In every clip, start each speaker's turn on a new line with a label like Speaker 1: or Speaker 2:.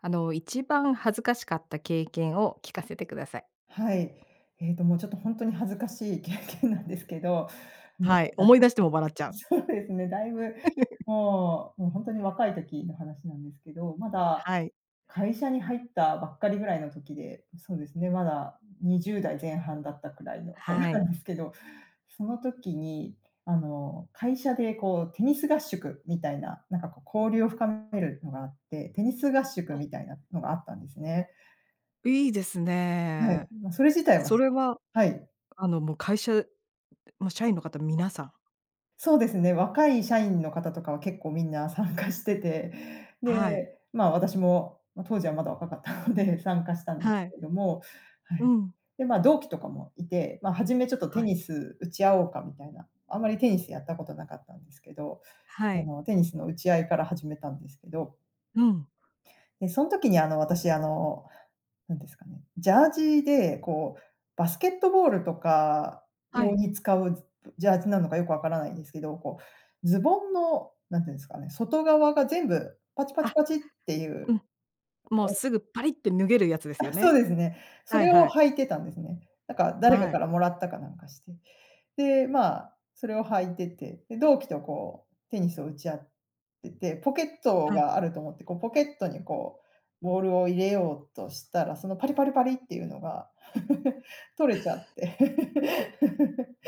Speaker 1: あの、一番恥ずかしかった経験を聞かせてください。
Speaker 2: はい。えっと、もう、ちょっとほんとに恥ずかしい経験なんですけど。もう、
Speaker 1: はい、
Speaker 2: だ
Speaker 1: 思い
Speaker 2: い
Speaker 1: 出しても笑っちゃう。
Speaker 2: そうですね、だいぶ、もうもう、ほんとに若い時の話なんですけど、まだ
Speaker 1: はい。
Speaker 2: 会社に入ったばっかりぐらいの時で、ま、そうですね、まだ20代前半だったくらいの、ま
Speaker 1: は
Speaker 2: は
Speaker 1: い。
Speaker 2: ですけど、その時に、あの、会社で、こう、テニス合宿みたいな、なんか、こう、交流を深めるのがあって、テニス合宿
Speaker 1: あ。
Speaker 2: みたいなのがあったんですね。
Speaker 1: いいです
Speaker 2: はい、
Speaker 1: ね。
Speaker 2: ま、それ自体は
Speaker 1: そ
Speaker 2: す
Speaker 1: れは、
Speaker 2: はい。
Speaker 1: あの、もう、会社もう社員の方、皆さん？
Speaker 2: そうですね、若い社員の方とかは結構みんな参加してて、
Speaker 1: はい。
Speaker 2: で、ま、私も、ま、当時はまだ若かったので参加したんです
Speaker 1: はい。
Speaker 2: けどもは
Speaker 1: う
Speaker 2: い。
Speaker 1: ん。
Speaker 2: で、ま、同期とかもいて、ま、はじめ、ちょっと、
Speaker 1: は
Speaker 2: テ
Speaker 1: い。
Speaker 2: ニス打ち合おうかみたいな、あんまりテニスやったことなかったんですけど、
Speaker 1: は
Speaker 2: あ
Speaker 1: い。
Speaker 2: の、テニスの打ち合いから始めたんですけど。
Speaker 1: うん。
Speaker 2: で、そん時に、あの、私、あの、何ですかね、ジャージで、こう、バスケットボールとか
Speaker 1: は
Speaker 2: 用
Speaker 1: い。
Speaker 2: に使う、ずぶジャージなのかよくわからないんですけど、こう、ズボンのなんて言うんですかね、外側が全部パチパチ
Speaker 1: あ、
Speaker 2: パチってい
Speaker 1: う
Speaker 2: う
Speaker 1: ん。もう、
Speaker 2: あ
Speaker 1: すぐパリッって脱げるやつですよ
Speaker 2: あ、そ
Speaker 1: ね。
Speaker 2: うですね。そ
Speaker 1: はい
Speaker 2: れを
Speaker 1: はい。
Speaker 2: 履いてたんですね。なんか、誰か
Speaker 1: は
Speaker 2: か
Speaker 1: い。
Speaker 2: らもらったか、なんかして。で、ま、それを履いてて、で、同期と、こう、テニスを打ち合ってて、ポケット
Speaker 1: はい。
Speaker 2: があると思って、こう、ポケットに、こう、ボールを入れようとしたら、その、パリパリパリっていうのが、取れちゃっ て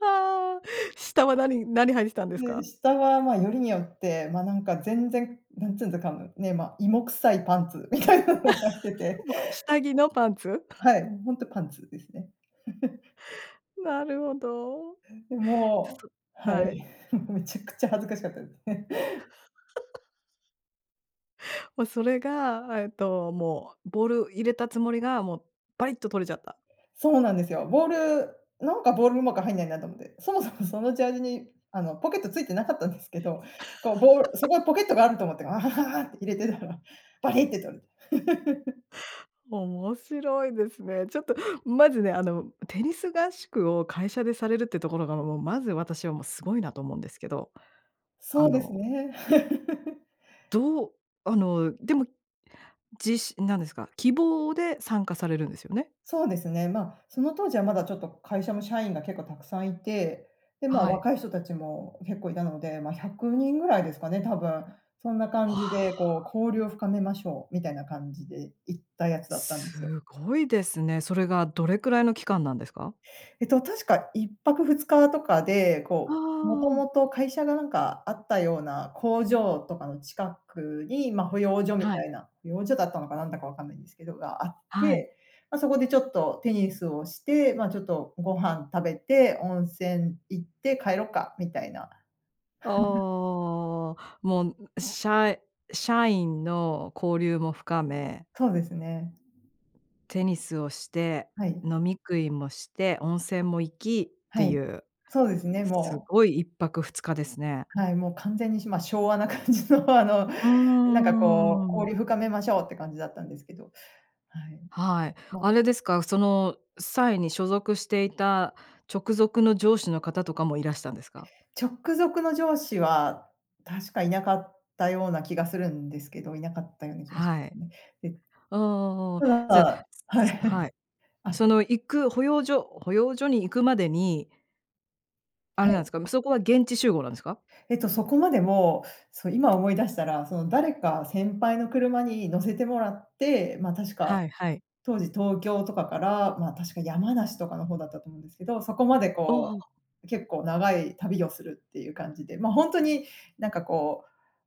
Speaker 1: はあ、下は何何履いててたんです
Speaker 2: で、
Speaker 1: か？
Speaker 2: 下は、ま、よりによって、ま、なんか、全然、なんつんづかむ、ね、ま、芋臭いパンツみたいなの履いて て。
Speaker 1: もう、下着のパンツ？
Speaker 2: はい、もう、ほんとパンツですね。
Speaker 1: なるほど。
Speaker 2: え、で、
Speaker 1: じゃ、
Speaker 2: も
Speaker 1: そ
Speaker 2: うはい。
Speaker 1: はい。
Speaker 2: めちゃくちゃ恥ずかしかったですね。
Speaker 1: もう、それが、えっと、もう、ボール入れたつもりが、もう、バリッと取れちゃった。
Speaker 2: そうなんですよ。ボール「なんか、ボールうまく入んないな」と思って、そもそもそのジャージに、あの、ポケットついてなかったんですけど、こう、ボールそ こにポケットがあると思って、って入れてたら、バリって取れて。
Speaker 1: 面白いですね。ちょっと、まずね、あの、テニス合宿を会社でされるってところが、もう、まず私はもう、すごいなと思うんですけど、
Speaker 2: そ
Speaker 1: あ
Speaker 2: うです
Speaker 1: の
Speaker 2: ね。
Speaker 1: どうあの、でもじしなんですか、希望で参加されるんですよね？
Speaker 2: そうですね。ま、その当時はまだ、ちょっと、会社の社員が結構たくさんいて、で、ま、
Speaker 1: はい。
Speaker 2: 若い人たちも結構いたので、ま、100人ぐらいですかね、多分、そんな
Speaker 1: わ
Speaker 2: 感
Speaker 1: あ。
Speaker 2: じで、こう、「交流を深めましょう」みたいな感じで、行ったやつだったんで
Speaker 1: す
Speaker 2: すよ。
Speaker 1: ごいですね。それが、どれくらいの期間なんですか？
Speaker 2: えっと、確か、1泊2日とかで、
Speaker 1: あ
Speaker 2: こう、もと
Speaker 1: あ。
Speaker 2: もと会社が、なんか、あったような工場とかの近くに、ま、保養所み
Speaker 1: は
Speaker 2: た
Speaker 1: い。
Speaker 2: いな、保養所だったのか、なんだかわからないんですけど、があっ
Speaker 1: はい。
Speaker 2: て、ま、そこでちょっとテニスをして、ま、ちょっと、ご飯食べて温泉行って帰ろっかみたいな。
Speaker 1: あ あ、もん、う社社員の交流も深め
Speaker 2: そうですね。
Speaker 1: テニスをして、
Speaker 2: はい。
Speaker 1: 飲み食いもして、温泉も行きって
Speaker 2: は
Speaker 1: い
Speaker 2: い、
Speaker 1: う、
Speaker 2: そうですね、
Speaker 1: す
Speaker 2: もう
Speaker 1: ごい1泊2日ですね。
Speaker 2: はい、もう、完全に、しま、昭和な感じの、あの、
Speaker 1: うー
Speaker 2: なんかこう
Speaker 1: ん。
Speaker 2: 「交流深めましょう」って感じだったんですけど、はい。
Speaker 1: はい、
Speaker 2: ま
Speaker 1: あれですか？その際に所属していた直属の上司の方とかもいらしたんですか？
Speaker 2: 直属の上司は、確かいなかったような気がするんですけどいなかったような気がし
Speaker 1: はい。
Speaker 2: ね。で、
Speaker 1: ああ、
Speaker 2: た
Speaker 1: じゃあ、
Speaker 2: だはい。
Speaker 1: すすはい。
Speaker 2: あ
Speaker 1: その行く保養所保養所に行くまでにあれ
Speaker 2: は
Speaker 1: なんで
Speaker 2: い。
Speaker 1: すか？もうそこは現地集合なんですか？
Speaker 2: えっとそこまでも、そう今思い出したら、その誰か先輩の車に乗せてもらって、ま、確か
Speaker 1: はいはい。
Speaker 2: 当時東京とかから、ま、確か山梨とかの方だったと思うんですけど、そこまで
Speaker 1: おお。
Speaker 2: こう結構長い旅をするっていう感じで、ま、ほんとになんかこ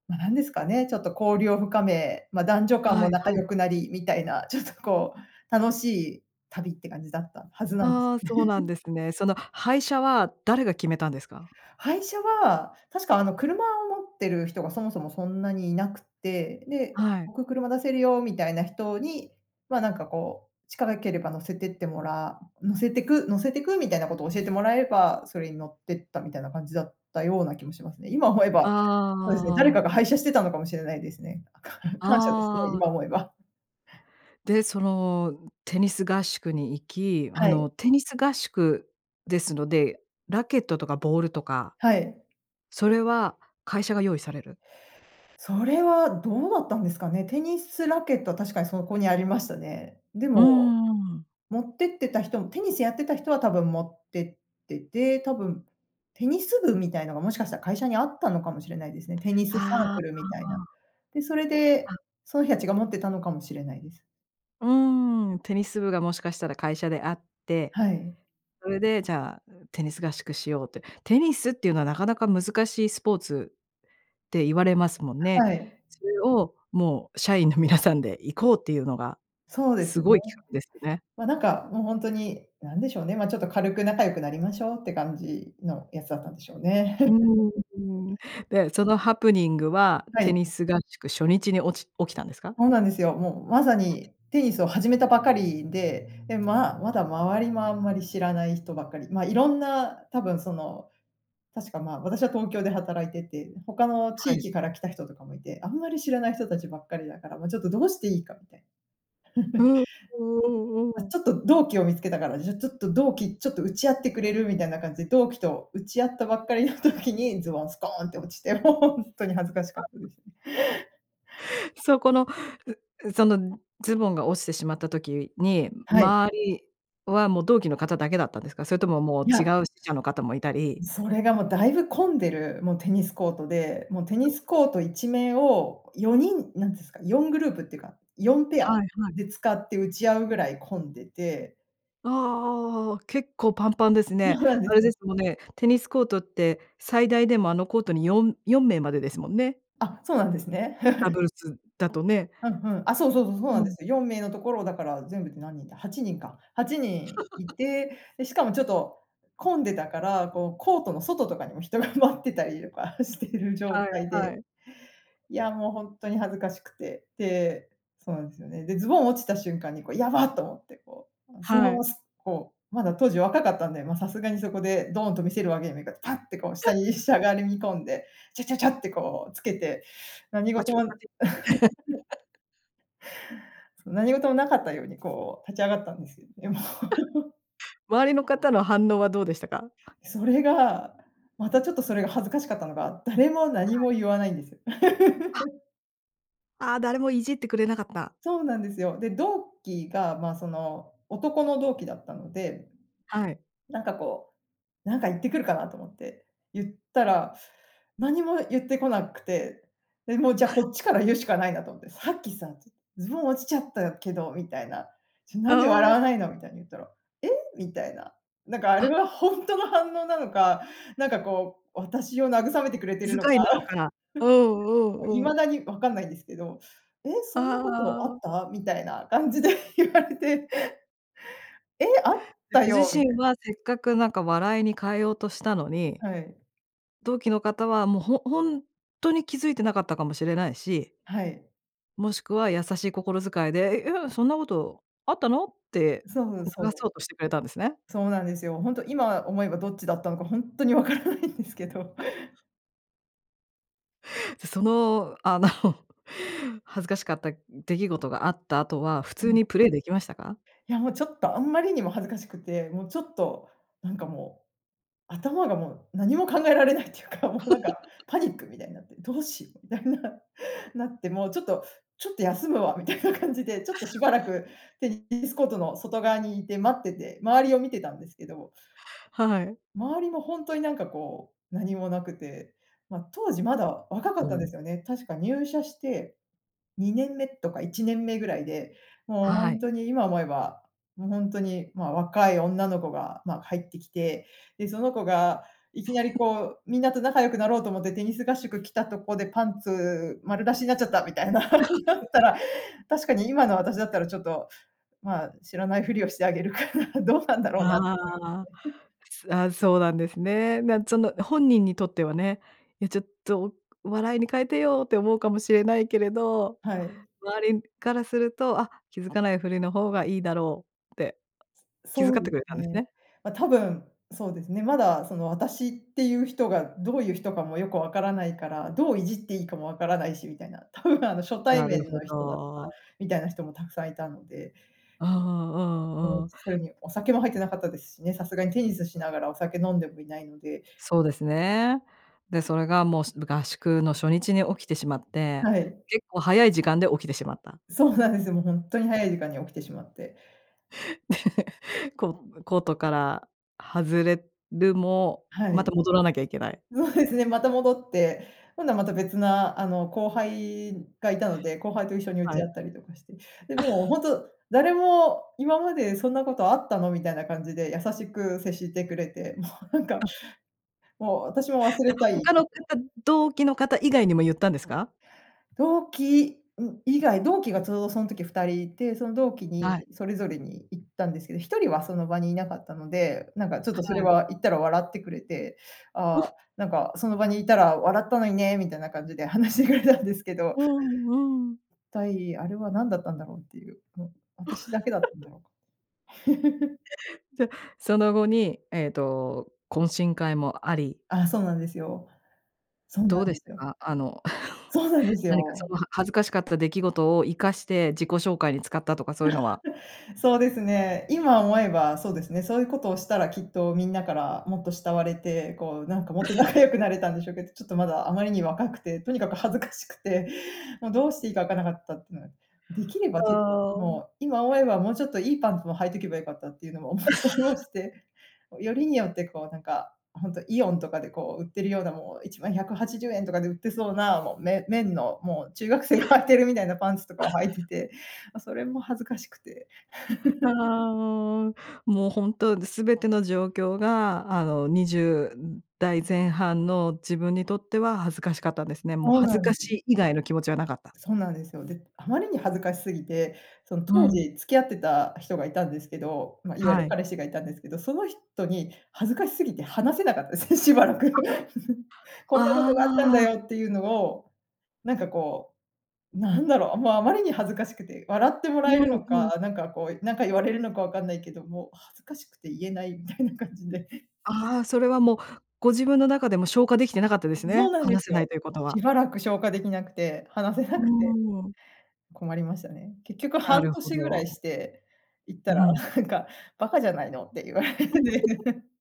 Speaker 2: う、ま、何ですかね、ちょっと交流を深め、ま、男女間
Speaker 1: は
Speaker 2: も
Speaker 1: い
Speaker 2: 仲
Speaker 1: はい。
Speaker 2: 良くなり、みたいな、ちょっとこう楽しい旅って感じだったはずなんです。
Speaker 1: ああ、そうなん ですね。その配車は誰が決めたんですか？
Speaker 2: 配車は、確かあの車を持っている人がそもそもそんなにいなくって、で、
Speaker 1: はい。
Speaker 2: 僕車出せるよみたいな人に、ま、なんかこうちからければ乗せてってもら乗せてく乗せてくみたいなことを教えてもらえば、それに乗ってったみたいな感じだったような気もしますね。今思えば
Speaker 1: あ
Speaker 2: そうですね、誰
Speaker 1: あ。
Speaker 2: かが配車してたのかもしれないですね。かん感謝ですね、
Speaker 1: ああ。
Speaker 2: 今思えば。
Speaker 1: で、そのテニス合宿に行き、あ
Speaker 2: はい。
Speaker 1: のテニス合宿ですので、ラケットとかボールとか、
Speaker 2: はい。
Speaker 1: それは会社が用意される？
Speaker 2: それはどうだったんですかね。テニスラケットは確かにそこにありましたね。で
Speaker 1: うー
Speaker 2: も、
Speaker 1: ん。
Speaker 2: 持ってってた人んテニスやってた人は多分持ってってて、多分テニス部みたいのがもしかしたら会社にあったのかもしれないですね。テニスサー
Speaker 1: ああ、
Speaker 2: クルみたい
Speaker 1: うん
Speaker 2: な。
Speaker 1: うん。
Speaker 2: で、それで
Speaker 1: うん。
Speaker 2: その人たちが持ってたのかもしれないです。
Speaker 1: うーん、テニス部がもしかしたら会社であって。
Speaker 2: はい。
Speaker 1: それで、じゃあ、ん、テニス合宿しようって、テニスっていうのは、なかなか難しいスポーツって言われますもんね。
Speaker 2: はい。
Speaker 1: それを、もう社員の皆さんで行こうっていうのが、
Speaker 2: そうで
Speaker 1: す
Speaker 2: す
Speaker 1: ご
Speaker 2: ね。
Speaker 1: い企画ですよね。
Speaker 2: ま、なんか、もうほんとに、何でしょうね、ま、ちょっと軽く仲良くなりましょうって感じのやつだったんでしょうね。
Speaker 1: うーん。で、そのハプニングは、
Speaker 2: は
Speaker 1: テ
Speaker 2: い。
Speaker 1: ニス合宿初日におち起きたんですか？
Speaker 2: ほうなんですよ。もうまさに、テニスを始めたばかりで、で、ままだ周りもあんまり知らない人ばっかり、ま、色んな多分その、確かまあ、私は東京で働いてて、他の
Speaker 1: は
Speaker 2: 地
Speaker 1: い。
Speaker 2: 域から来た人とかも居て、あんまり知らない人たちばっかりだから、もうちょっとどうしていいかみたい。
Speaker 1: うん、うんうん
Speaker 2: あ、
Speaker 1: うん。
Speaker 2: ちょっと同期を見つけたから、じゃ、ちょっと同期、ちょっと打ち合ってくれる？みたいな感じで、同期と打ち合ったばっかりの時に、ズボンスコーンって落ちて、ほんとに恥ずかしかった ですね。
Speaker 1: そこの、うそのズボンが落ちてしまった時に、
Speaker 2: はい。
Speaker 1: 周りはもう同期の方だけだったんですか？それとももう、
Speaker 2: い
Speaker 1: 違
Speaker 2: や
Speaker 1: う支社の方も居たり。
Speaker 2: それがもう大分混んでる、もうテニスコートで、もうテ
Speaker 1: う
Speaker 2: ニ
Speaker 1: ん。
Speaker 2: スコート一面を、4人なんですか、4グループっていうか、4ペア
Speaker 1: はいはい。
Speaker 2: で使って打ち合うぐらい混んでて。
Speaker 1: ああああああ、結構パンパンです
Speaker 2: そ
Speaker 1: ね。
Speaker 2: うなんで
Speaker 1: あれ
Speaker 2: す。
Speaker 1: ですもんね、テニスコートって最大でも、あの、コートによん4名までですもんね。
Speaker 2: あ、そうなんですね。
Speaker 1: ダブル スだとね。
Speaker 2: ふんふん。あ、そうそうそう、そうな
Speaker 1: う
Speaker 2: んで
Speaker 1: ん。
Speaker 2: す。4名のところをだから全部で何人だ、8人か、8人い て、で、しかもちょっと混んでたから、こうコートの外とかにも人が待ってたりとかしてる状
Speaker 1: はい
Speaker 2: 態
Speaker 1: は
Speaker 2: で、
Speaker 1: い。
Speaker 2: いやもう、ほんとに恥ずかしくて、で、そうなんですよね。で、ズボン落ちた瞬間にこう「やばっ！」と思ってこうその
Speaker 1: は
Speaker 2: まま
Speaker 1: い。
Speaker 2: すっこう、まだ当時若かったんで、ま、さすがにそこでドーンと見せるわけにもいかパッてこう下に し
Speaker 1: そう。
Speaker 2: ゃがりみ込んで、チャチャチャってこうつけて、何
Speaker 1: ま
Speaker 2: 事
Speaker 1: ち
Speaker 2: も そう、何事もなかったようにこう立ち上がったんです。いや、もう。
Speaker 1: 周りの方の反応はどうでしたか？
Speaker 2: それが、またちょっとそれが恥ずかしかったのが、誰も
Speaker 1: は
Speaker 2: 何
Speaker 1: い。
Speaker 2: も言わないんですよ。
Speaker 1: あ。ああ、誰もいじってくれなかった。
Speaker 2: そうなんですよ。で、同期が、ま、その、男の同期だったので、
Speaker 1: はい。
Speaker 2: なんかこう、なんか言ってくるかなと思って言ったら、何も言ってこなくて、で、もうじゃあ、こっちから言うしかないなと思って「さっきさ、ずズボン落ちちゃったけど」みたいな「ちょ、なんで笑
Speaker 1: あ
Speaker 2: わないの？」
Speaker 1: あ。
Speaker 2: みたいに言ったら「え？」みたいな。なんかあれ
Speaker 1: あ。
Speaker 2: はほんとの反応なのか、なんかこう私を慰めてくれてる
Speaker 1: 気
Speaker 2: のか、
Speaker 1: 遣いなの かうんうんう
Speaker 2: 未
Speaker 1: ん。
Speaker 2: だにわかんないんですけど「え、そんな
Speaker 1: あ
Speaker 2: ことあ
Speaker 1: あ。
Speaker 2: った？」みたいな感じで言われて。「え！あった
Speaker 1: ご自
Speaker 2: よ」みた
Speaker 1: 身
Speaker 2: い
Speaker 1: はせっかくなんか笑いに変えようとしたのに、
Speaker 2: はい。
Speaker 1: 同期の方はもうほほんとに気づいてなかったかもしれないし、
Speaker 2: はい。
Speaker 1: もしくは優しい心遣いで「いや、そんなことあったの？」って
Speaker 2: そう、
Speaker 1: おが
Speaker 2: そ
Speaker 1: そ
Speaker 2: う。
Speaker 1: うとしてくれたんですね。
Speaker 2: そうなんですよ。ほんと今思えばどっちだったのかほんとにわからないんですけど。
Speaker 1: じゃ、その、あの、恥ずかしかった出来事があった後は、普
Speaker 2: う
Speaker 1: 通
Speaker 2: ん。
Speaker 1: にプレイできましたか？
Speaker 2: いやもうちょっとあんまりにも恥ずかしくて、もうちょっと、なんかもう、頭がもう何も考えられないっていうか、もうなんか パニックみたいになって、「どうしよう」みたいななってもうちょっと「ちょっと休むわ」みたいな感じで、ちょっとしばらくテニテニスコートの外側に居て待ってて、周りを見てたんですけど
Speaker 1: はい。
Speaker 2: 周りもほんとになんかこう何もなくて、ま、当時まだ若か
Speaker 1: う
Speaker 2: ったんで
Speaker 1: ん。
Speaker 2: すよね、確か入社して、2年目とか1年目ぐらいで、もうほ
Speaker 1: は
Speaker 2: ん
Speaker 1: い。
Speaker 2: とに今思えばもうほんとに、まあ、若い女の子が、ま、入ってきて、で、その子がいきなり こう、みんなと仲良くなろうと思ってテニス合宿来たとこで、パンツ丸出しになっちゃったみたいななった ら、確かに今の私だったらちょっと、ま、知らないふりをしてあげるかな、どうなんだろうなと思いま
Speaker 1: ああ。
Speaker 2: すね。
Speaker 1: すああ、そうなんですね。なんつその本人にとってはね、「え、ちょっと笑いに変えてよ」って思うかもしれないけれど、
Speaker 2: はい。
Speaker 1: 周りからすると「あ、気付かないふりの方がいいだろう」って気遣
Speaker 2: そう
Speaker 1: って
Speaker 2: で
Speaker 1: くれ
Speaker 2: す
Speaker 1: たんです
Speaker 2: ね。
Speaker 1: ね。
Speaker 2: ま、多分そうですね。まだそのあたしっていう人がどういう人かもよく分からないから、どういじっていいかも分からないしみたいな、多分あの初対
Speaker 1: なる
Speaker 2: 面の
Speaker 1: ほ
Speaker 2: 人だった、
Speaker 1: ど。
Speaker 2: みたいな人も沢山居たので。
Speaker 1: うんう
Speaker 2: う
Speaker 1: んう
Speaker 2: ん、
Speaker 1: ん。
Speaker 2: それにお酒も入ってなかったですしね、さすがにテニスしながらお酒飲んでもいないので。
Speaker 1: そうですね。で、それがもう、し合宿の初日に起きてしまって、
Speaker 2: はい。
Speaker 1: 結構早い時間で起きてしまった。
Speaker 2: そうなんですよ。もうほんとに早い時間に起きてしまって。
Speaker 1: こう、コートから外れるも、
Speaker 2: は
Speaker 1: ま
Speaker 2: い。
Speaker 1: た戻らなきゃいけない。
Speaker 2: そうですね、また戻って、今度はまた別な、あの後輩が居たので、後輩と一緒に打
Speaker 1: は
Speaker 2: ち
Speaker 1: い。
Speaker 2: 合ったりとかして。で、もう ほんと誰も「今までそんなことあったの？」みたいな感じで優しく接してくれて、もうなんか、
Speaker 1: あ。
Speaker 2: もう私も忘
Speaker 1: い
Speaker 2: れ
Speaker 1: や、
Speaker 2: たいんで。
Speaker 1: 他の方、同期の方以外にも言ったんですか？
Speaker 2: 同期、ん、以外、同期がちょうどそん時2人居て、その同期
Speaker 1: はい。
Speaker 2: にそれぞれに言ったんですけど、1人はその場に居なかったので、なんかちょっ
Speaker 1: は
Speaker 2: とそれ
Speaker 1: い。
Speaker 2: は言ったら笑ってくれて、「ああ、
Speaker 1: お。
Speaker 2: なんかその場にいたら笑ったのにね」みたいな感じで話してくれたんですけど。
Speaker 1: うんうん。
Speaker 2: 一体あれは何だったんだろうっていう、ね、私だけだったんだ ろうか。
Speaker 1: じゃ、その後に、えっと懇親会もあり
Speaker 2: あ、そうなんですよ。そう
Speaker 1: ど
Speaker 2: なん
Speaker 1: うで
Speaker 2: で
Speaker 1: し
Speaker 2: す
Speaker 1: た
Speaker 2: よ。
Speaker 1: か？あの、
Speaker 2: そうなんです
Speaker 1: 何かそ
Speaker 2: よ。
Speaker 1: の恥ずかしかった出来事を生かして、自己紹介に使ったとかそういうのは。
Speaker 2: そうですね。今思えばそうですね。そういうことをしたらきっとみんなからもっと慕われて、こうなんかもっと 仲良くなれたんでしょうけど、ちょっとまだあまりに若くて、とにかく恥ずかしくて、もうどうしていいか分からなかったってのが。出来れば
Speaker 1: あ
Speaker 2: ちょっと、
Speaker 1: あ。
Speaker 2: もう今思えばもうちょっといいパンツを履いてけばよかったっていうのもおもしおも して、よりによってこうなんか、ほんとイオンとかでこう売ってるようなもう、1枚¥180とかで売ってそうな、もうめ綿の、もう中学生が履いてるみたいなパンツとかを 履いてて、ま、それも恥ずかしくて。
Speaker 1: あ あ、もう、もうほんと、すべての状況が、あの、20代前半の自分にとっては恥ずかしかったんですね。もう
Speaker 2: そう
Speaker 1: 恥ず
Speaker 2: な
Speaker 1: か
Speaker 2: ん
Speaker 1: しい以外の気持ちは無かった。
Speaker 2: そうなんですよ。で、あまりに恥ずかし過ぎて、その、
Speaker 1: う
Speaker 2: 当
Speaker 1: ん。
Speaker 2: 時付き合ってた人が居たんですけど、ま、いわゆ
Speaker 1: は
Speaker 2: る
Speaker 1: い。
Speaker 2: 彼氏が居たんですけど、その人に恥ずかし過ぎて話せなかったですね、しばらく。
Speaker 1: あ
Speaker 2: 「こんなこ
Speaker 1: あ
Speaker 2: とがあったんだ
Speaker 1: あ。
Speaker 2: よ」っていうのを、なんかこう、なんだろう、もうあまりに恥ずかしくて、笑っても
Speaker 1: う
Speaker 2: らえる
Speaker 1: ん
Speaker 2: の
Speaker 1: うん。
Speaker 2: か、なんかこう、なんか言われるのか分かんないけど、もう、恥ずかしくて言えないみたいな感じで。
Speaker 1: ああ、それはもう、ご自分の中でも消化出来てなかったです
Speaker 2: そ
Speaker 1: ね。
Speaker 2: うなんで
Speaker 1: 話
Speaker 2: す
Speaker 1: せない
Speaker 2: よ。
Speaker 1: ということ
Speaker 2: し
Speaker 1: は。
Speaker 2: ばらく消化出来なくて、話せ
Speaker 1: う
Speaker 2: な
Speaker 1: ー
Speaker 2: くて。
Speaker 1: ん。
Speaker 2: 困りましたね。結局
Speaker 1: な
Speaker 2: 半
Speaker 1: るほ
Speaker 2: 年ぐら
Speaker 1: ど。
Speaker 2: いして、言った
Speaker 1: う
Speaker 2: ら、
Speaker 1: ん。
Speaker 2: なんか「バカじゃないの」って言われて。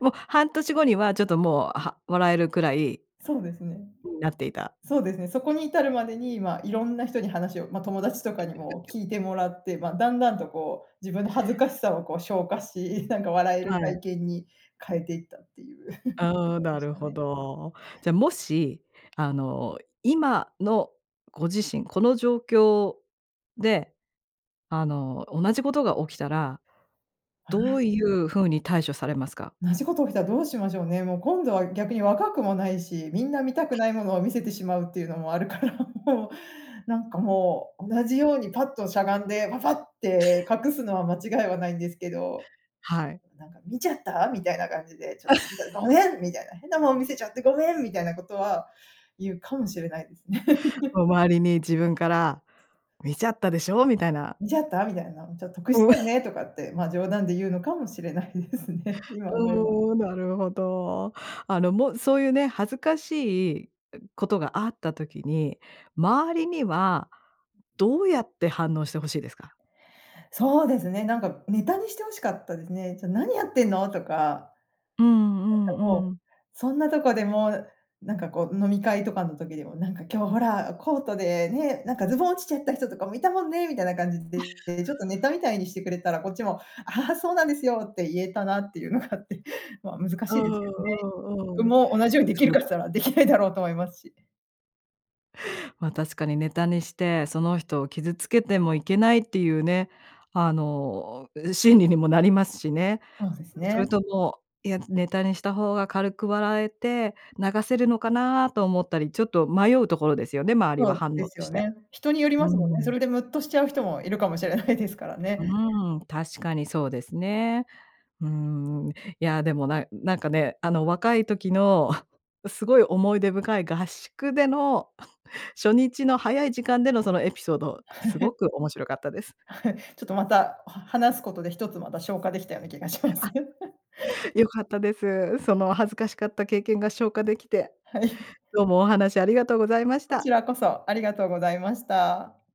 Speaker 1: もう半年後には、ちょっともう、は笑えるくらい
Speaker 2: そうですね。
Speaker 1: になっていた。
Speaker 2: そうですね、そこに至るまでに、ま、色んな人に話を、ま、友達とかにも 聞いてもらって、ま、段々とこう、自分の恥ずかしさをこう消化し、なんか笑える
Speaker 1: はい。
Speaker 2: 体験に変えていったっていう
Speaker 1: ああ、
Speaker 2: で
Speaker 1: な
Speaker 2: し
Speaker 1: る
Speaker 2: た
Speaker 1: ほ
Speaker 2: ね。
Speaker 1: ど。じゃあもし、あの、今のご自身この状況で、あの、同じことが起きたら
Speaker 2: 同
Speaker 1: どう
Speaker 2: じ
Speaker 1: いう風に対処されますか？
Speaker 2: 同じこと起きたらどうしましょうね。もう今度は逆に若くもないし、みんな見たくないものを見せてしまうっていうのもあるから、もうなんかもう、同じようにパッとしゃがんでパパッて隠すのは間違いは無いんですけど、
Speaker 1: はい。
Speaker 2: なんか「見ちゃった？」みたいな感じで、ちょっと「見た、ご めん！」みたいな、「変なもん見せちゃってごめん！」みたいなことは、言うかもしれないですね。
Speaker 1: もう周りに自分から、「見ちゃったでしょ？」みたいな。
Speaker 2: 「見ちゃった？」みたいな、「ちょっと得し
Speaker 1: うん。
Speaker 2: たよね？」とかって、ま、冗談で言うのかもしれないですね。今思えば。
Speaker 1: うーん、なるほど。あの、もそういうね、恥ずかしいことがあった時に、周りにはどうやって反応して欲しいですか？
Speaker 2: そうですね、なんかネタにして欲しかったですね。「ちょ、何やってんの？」とか。
Speaker 1: う
Speaker 2: な
Speaker 1: ん
Speaker 2: ん
Speaker 1: う
Speaker 2: かもう、
Speaker 1: んうん。
Speaker 2: そんなとこでもうなんかこう飲み会とかの時でもなんか「今日ほらコートでね、なんかズボン落ちちゃった人とかも居たもんね」みたいな感じで、で、ちょっとネタみ たいにしてくれたらこっちも「あはは、そうなんですよ」って言えたなっていうのがあって。ま、難
Speaker 1: う
Speaker 2: し
Speaker 1: ん
Speaker 2: いですけどね。
Speaker 1: う
Speaker 2: 自
Speaker 1: んう
Speaker 2: 分
Speaker 1: ん。
Speaker 2: も同じように出来
Speaker 1: そ
Speaker 2: る
Speaker 1: う
Speaker 2: かっ
Speaker 1: で
Speaker 2: て言ったら出来ないだろうと思いますし。
Speaker 1: ま、確かにネタにして、その人を傷付けてもいけないっていうね、あの、心理にもなりますしね。
Speaker 2: そうです
Speaker 1: それ
Speaker 2: ね。
Speaker 1: とも、「いや、ネタにした方が軽く笑えて、流せるのかな」と思ったり、ちょっと迷うところですよね、周り
Speaker 2: そ
Speaker 1: は
Speaker 2: う
Speaker 1: 反応
Speaker 2: です
Speaker 1: と
Speaker 2: よ
Speaker 1: して。
Speaker 2: ね。人により
Speaker 1: う
Speaker 2: ますもんね。そ
Speaker 1: ん。
Speaker 2: れでむっとしちゃう人も居るかもしれないですから
Speaker 1: う
Speaker 2: ね。
Speaker 1: ーん、確かにそうですね。うーん。いや、でもななんかね、あの、若い時の すごい思い出深い合宿での、初日の早い時間でのそのエピソード、
Speaker 2: は
Speaker 1: すご
Speaker 2: い。
Speaker 1: く面白かったです。
Speaker 2: はい。ちょっとまた、は話すことで1つまた消化出来たような気がしま
Speaker 1: あ。
Speaker 2: す。
Speaker 1: 良かったです。その恥ずかしかった経験が消化出来て。
Speaker 2: はい。
Speaker 1: どうもお話ありがとうございまし
Speaker 2: こち
Speaker 1: た。
Speaker 2: らこそ、ありがとうございました。